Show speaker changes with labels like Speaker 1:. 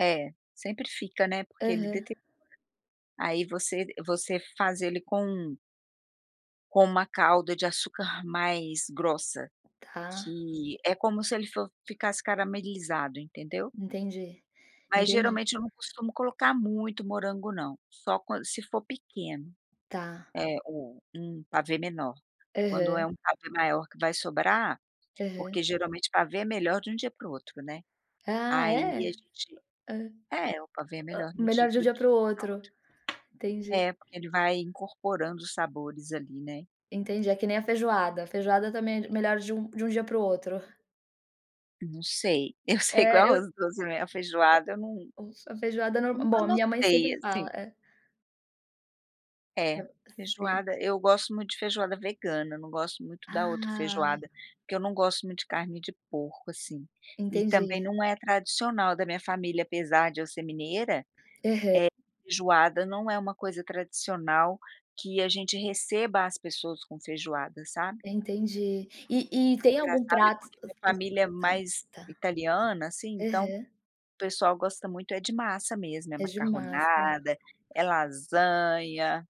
Speaker 1: É, sempre fica, né, porque ele
Speaker 2: Aham.
Speaker 1: deteriora. Aí, você você faz ele com com uma calda de açúcar mais grossa,
Speaker 2: Tá.
Speaker 1: que é como se ele for ficasse caramelizado, entendeu?
Speaker 2: Entendi,
Speaker 1: Mas,
Speaker 2: entendi.
Speaker 1: geralmente, eu não costumo colocar muito morango não, só quando se for pequeno.
Speaker 2: Tá.
Speaker 1: É, ou um pavê menor. Quando é
Speaker 2: Aham.
Speaker 1: um pavê maior que vai sobrar, porque
Speaker 2: Aham.
Speaker 1: geralmente pavê é melhor de um dia para o outro, né.
Speaker 2: Ah,
Speaker 1: Aí
Speaker 2: é? Eh
Speaker 1: a gente
Speaker 2: hã. Eh
Speaker 1: é, o pavê é
Speaker 2: hã
Speaker 1: melhor no di
Speaker 2: melhor de um
Speaker 1: do
Speaker 2: dia para o
Speaker 1: dia e do
Speaker 2: outro.
Speaker 1: outro.
Speaker 2: Entendi!
Speaker 1: É, porque ele vai incorporando sabores ali, né.
Speaker 2: Entendi, é que nem a feijoada. A feijoada também é di melhor de um de um dia para o outro.
Speaker 1: Não sei. Eu sei que o
Speaker 2: É, eu
Speaker 1: arroz doce, não é. A feijoada eu não
Speaker 2: O um só a feijoada é nor Bom,
Speaker 1: nunca
Speaker 2: a minha mãe
Speaker 1: notei,
Speaker 2: sempre
Speaker 1: assim.
Speaker 2: fala, eh
Speaker 1: É,
Speaker 2: Ah, sei.
Speaker 1: feijoada, eu gosto muito de feijoada vegana, não gosto muito da outra
Speaker 2: Ah!
Speaker 1: feijoada. Que não gosto muito de carne de porco, assim, e também
Speaker 2: Entendi.
Speaker 1: não é tradicional da minha família, apesar de eu ser mineira, eh,
Speaker 2: Aham.
Speaker 1: feijoada não é uma coisa tradicional, que a gente receba as pessoas com feijoada, sabe.
Speaker 2: Entendi. E e tem algum
Speaker 1: Engraçado, é
Speaker 2: prato
Speaker 1: porque minha família é
Speaker 2: [unintelligible]
Speaker 1: mais
Speaker 2: tá.
Speaker 1: italiana, assim, então,
Speaker 2: Aham.
Speaker 1: o pessoal gosta muito é de massa mesmo. É
Speaker 2: É de massa.
Speaker 1: macarronada, é lasanha